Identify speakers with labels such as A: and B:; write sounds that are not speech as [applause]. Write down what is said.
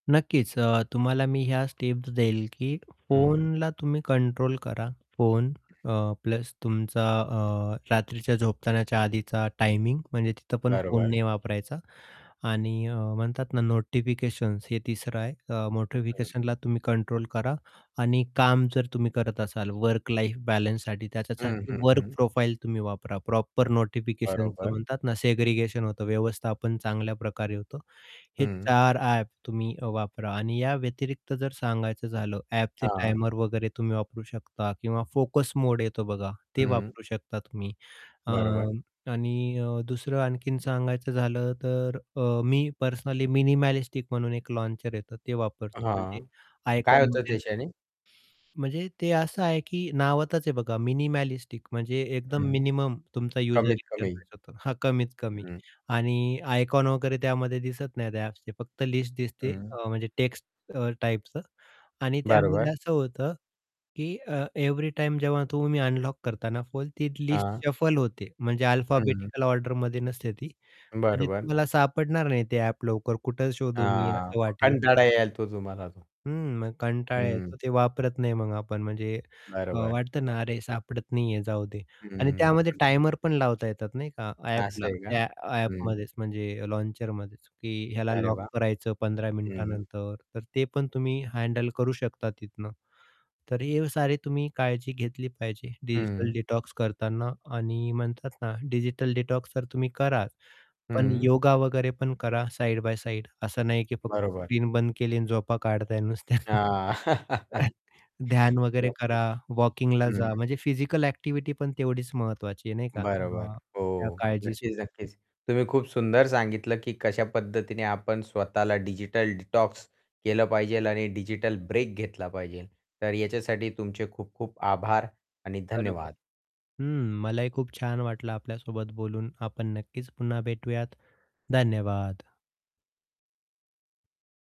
A: नक्कीच. अ, तुम्हाला मी ह्या स्टेप्स देईल की
B: हं.
A: फोनला तुम्ही कंट्रोल करा. फोन अ, प्लस तुमचा अ, रात्रीच्या झोपतानाच्या आधीचा टायमिंग म्हणजे तिथं पण फोन
B: बरोबर.
A: नाही वापरायचा. आणि म्हणतात ना नोटिफिकेशन्स हे तिसरं आहे. अ,
B: हं.
A: नोटिफिकेशनला तुम्ही कंट्रोल करा आणि काम जर तुम्ही करत असाल वर्क लाईफ बॅलन्ससाठी
B: हं,
A: त्याच्यासाठी
B: हं,
A: वर्क
B: हं.
A: प्रोफाइल तुम्ही वापरा प्रॉपर नोटिफिकेशन
B: बरोबर.
A: म्हणतात ना सेग्रीगेशन होतं व्यवस्थापन चांगल्या प्रकारे होतो. हे
B: हं.
A: 4 ॲप अ, तुम्ही वापरा आणि या व्यतिरिक्त जर सांगायचं झालं ॲपचे
B: हां.
A: टायमर वगैरे तुम्ही वापरू शकता किंवा फोकस मोड येतो बघा, ते
B: हं.
A: वापरू शकता तुम्ही. अ,
B: बरोबर.
A: आणि अ, दुसरं आणखीन सांगायचं झालं तर अ, मी पर्सनली मिनिमॅलिस्टिक म्हणून एक लॉन्चर येतं ते वापरतो
B: हां,
A: म्हणजे
B: काय
A: आयकॉन म्हण
B: होतं त्याच्याने?
A: म्हणजे ते असं आहे की नावातच आहे बघा मिनिमॅलिस्टिक म्हणजे एकदम
B: हं.
A: मिनिमम तुमचा युजर
B: कमीत कमी.
A: इंटरफेस होतो. हां, कमीत कमी.
B: हं.
A: आणि आयकॉन वगैरे त्यामध्ये दिसत नाही, त्या ॲप फक्त लिस्ट दिसते
B: हं.
A: अ, म्हणजे टेक्स्ट अ, टाइपच आणि त्यामध्ये
B: बरोबर.
A: असं होतं की अ, एव्हरी टाईम जेव्हा तुम्ही अनलॉक करताना फोल ती लिस्ट
B: हां.
A: शफल होते म्हणजे
B: हं.
A: अल्फाबेटिकल ऑर्डरमध्ये नसते ती. म्हणजे
B: बरोबर.
A: तुम्हाला सापडणार नाही ते ॲप लवकर कुठे शोधू मी,
B: हां,
A: असं
B: मग
A: वाटेल.
B: कंटाळा येईल तो तुम्हाला तो.
A: हं, मग कंटाळा
B: हं.
A: येतो ते वापरत नाही मग आपण म्हणजे अ,
B: बरोबर.
A: वाटतं ना अरे, सापडत नाही आहे जाऊ दे आणि
B: हं.
A: त्यामध्ये टायमर पण लावता येतात नाही का.
B: असं
A: ॲपला
B: आहे का?
A: त्या
B: हं.
A: ॲपमध्येच म्हणजे लॉन्चरमध्येच की ह्याला
B: अरे
A: लॉक
B: वाह!
A: करायचं 15
B: हं, हं.
A: मिनिटानंतर, तर ते पण तुम्ही हँडल करू शकता तिथनं. तर हे सारी तुम्ही काळजी घेतली पाहिजे डिजिटल
B: हं.
A: डिटॉक्स करताना आणि म्हणतात ना डिजिटल डिटॉक्स जर तुम्ही कराच, पण
B: हं.
A: योगा वगैरे पण करा साइड बाय साइड असं नाही, की फक्त
B: बरोबर.
A: स्क्रीन बंद केली आणि झोपा काढताय नुसत्या.
B: हां, [laughs]
A: [chuckles] ध्यान वगैरे
B: नक्कीच.
A: करा. वॉकिंगला
B: हं.
A: जा. म्हणजे फिजिकल ॲक्टिव्हिटी पण तेवढीच महत्त्वाची आहे नाही का
B: बरोबर.
A: अ, या
B: हो,
A: काळजीसो
B: नक्कीच, नक्कीच. तुम्ही खूप सुंदर सांगितलं, की कशा पद्धतीने आपण स्वतःला डिजिटल डिटॉक्स केलं पाहिजे आणि डिजिटल ब्रेक घेतला पाहिजे. तर याच्यासाठी तुमचे खूप-खूप आभार आणि
A: बरोबर.
B: धन्यवाद.
A: हं. मलाही खूप छान वाटलं आपल्यासोबत बोलून. आपण नक्कीच पुन्हा भेटूयात. धन्यवाद.